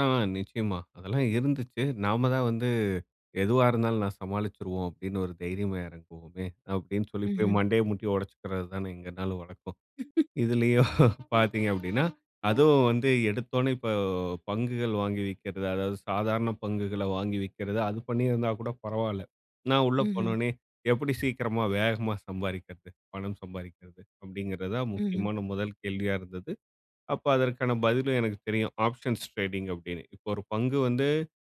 ஆ நிச்சயமா, அதெல்லாம் இருந்துச்சு. நாம தான் வந்து, எதுவா இருந்தாலும் நான் சமாளிச்சுருவோம் அப்டீன்னு ஒரு தைரியமா இறங்குவோமே. அப்பிடின்னு சொல்லி போய் ம்ஹ்ம். மண்டைய முட்டி உடைச்சுக்கிறது தானே, எங்க நாலும் வழக்கம். இதுலேயும் பாத்தீங்க அப்டீன்னா, அதுவும் வந்து எடுத்த உடனே இப்போ பங்குகள் வாங்கி விற்கிறது, அதாவது சாதாரண பங்குகள வாங்கி விற்கிறது. அது பண்ணியிருந்தா கூட பரவால்ல. நான் உள்ள போன ம்ஹ்ம். உடனே, எப்படி சீக்கிரமா வேகமா சம்பாதிக்கிறது, பணம் சம்பாதிக்கிறது, அப்படிங்கின்றத ம்ஹ்ம். முக்கியமான முதல் கேள்வியா இருந்தது. அப்போ அதற்கான பதிலும் எனக்கு தெரியும், ஆப்ஷன்ஸ் டிரேடிங் அப்டீன்னு. இப்போ ஒரு பங்கு வந்து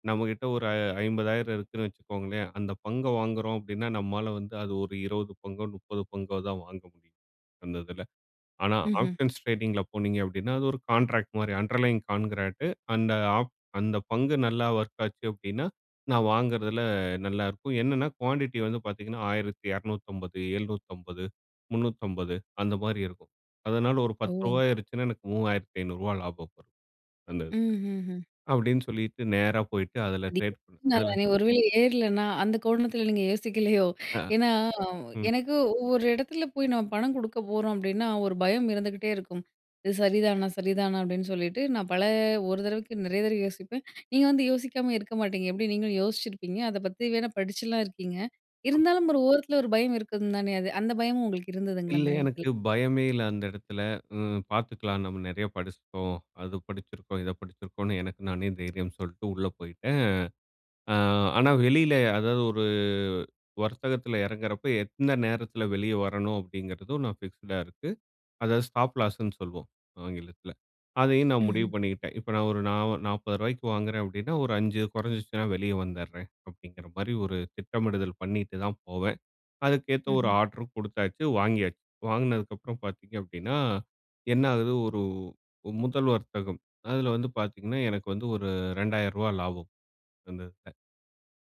நம்மகிட்ட ஒரு அ 50,000 இருக்குன்னு வச்சுக்கோங்களேன், அந்த பங்க வாங்குகிறோம் அப்பிடின்னா, நம்மால வந்து அது ஒரு 20 பங்கோ 30 பங்கோ தான் வாங்க முடியும். அந்த இதுல. ஆனா, ம்ஹ்ம். ஆப்ஷன்ஸ் ட்ரேடிங்கில போனீங்க, அப்பிடின்னா அது ஒரு கான்ட்ராக்ட் மாரி அண்டர்லைங் கான்ட்ராக்ட் அந்த ஆப் அந்த பங்கு நல்லா வொர்க் ஆச்சு அப்பிடின்னா நான் வாங்குறதுல நல்லாயிருக்கும். என்னென்னா குவான்டிட்டி வந்து பாத்தீங்கன்னா, 1,250, 750, 350 அந்த மாதிரி இருக்கும். அதனால் ஒரு ரூ. 10 ஓ. ஏறுச்சுன்னா எனக்கு ரூ. 3,500 லாபம் வரும் அந்த இது. ம்ஹ்ஹ்ம். அப்படின்னு சொல்லிட்டு நேரா போயிட்டு அதுல ட்ரேட். [unintelligible] [unintelligible] ஒரு வேள ஏறலன்னா, அந்த கோணத்துல நீங்க யோசிக்கலையோ! அ, ஏன்னா, ம். எனக்கு ஒவ்வொரு இடத்துல போய் நம்ம பணம் கொடுக்க போறோம் அப்பிடின்னா, ஒரு பயம் இருந்துக்கிட்டே இருக்கும். இது சரிதானா சரிதானா அப்பிடின்னு சொல்லிட்டு, நான் பல ஒரு தறவைக்கு நெறைய தறவை யோசிப்பேன். நீங்க வந்து யோசிக்காம இருக்க மாட்டீங்க. எப்படி நீங்களும் யோசிச்சிருப்பீங்க, அத பத்தி வேணா படிச்சுலாம் இருக்கீங்க. இருந்தாலும் ஒரு ஓரத்துல ஒரு பயம் இருக்கும் தானே. அது அந்த பயமும் உங்களுக்கு இருந்ததுங்களா, அந்த இல்லே, நேரத்துல? எனக்கு பயமே இல்ல அந்த இடத்துல. ஹ்ம் பாத்துக்கலாம் நம்ம நெறைய படிச்சிட்டோம், அது படிச்சிருக்கோம், இத படிச்சிருக்கோம்னு, எனக்கு நானே தைரியம் சொல்லிட்டு உள்ள போயிட்டேன். அ ஆனா வெளியில அதாவது ஒரு வர்த்தகத்துல இறங்குறப்போ எந்த நேரத்துல வெளியே வரணும் அப்படிங்கிறதும் நான் ஃபிக்ஸ்டா இருக்கு. அதாவது ஸ்டாப் லாஸ்னு சொல்வோம் ஆங்கிலத்துல. அதையும் நான் முடிவு ம்ஹ்ம். பண்ணிக்கிட்டேன். இப்போ நான் ஒரு நா ஒ ரூ. 40 வாங்குறேன் அப்படின்னா, ஒரு 5 குறைஞ்சுச்சுன்னா வெளியே வந்தேறேன் அப்படிங்கிற மாரி ஒரு திட்டமிடுதல் பண்ணிட்டு தான் போவேன். அதுக்கேத்த ஒரு ம்ஹ்ம். ஆர்டரும் குடுத்தாச்சு, வாங்கியாச்சு. வாங்கினதுக்கப்புறம் பாத்தீங்க அப்பிடின்னா, என்ன ஆகுது ஒரு முதல் வர்த்தகம். அதுல வந்து பாத்தீங்கன்னா, எனக்கு வந்து ஒரு ரூ. 2,000 லாபம். அந்த [unintelligible]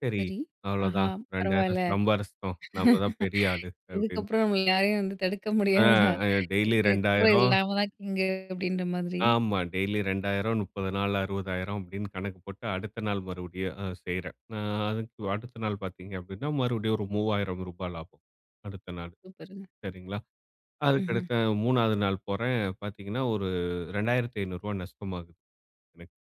"சரி சரி, "ஆஹா அவ்ளோதான் 2,000 பரவாயில்ல. சம்பாரிச்சிட்டோம். நாம் தான் பெரிய ஆளு!" அப்டீன்னு. இதுக்கப்புறம் நம்மள யாரையும் வந்து தடுக்க ஆ முடியாதுடா, அ டெய்லி [unintelligible] 2,000. நாம தான் கிங்கு!" அப்படின்ற மாதிரி. ஆமா டெய்லி 2,000, 30 நாள் 60,000, அப்படின்னு கணக்கு போட்டு, அடுத்த நாள் மறுபடியும் அ செய்றேன். ஆ அதுக்கு அடுத்த நாள் பாத்தீங்க அப்படின்னா மறுபடியும் ஒரு ரூ. 3,000 லாபம் அடுத்த நாள் சூப்பருங்க. சரிங்களா. அதுக்க ம்ஹ்ம். அடுத்து அ மூணாவது நாள் போறேன், பாத்தீங்கன்னா ஒரு ரூ. 2,500 நஷ்டமாகுது.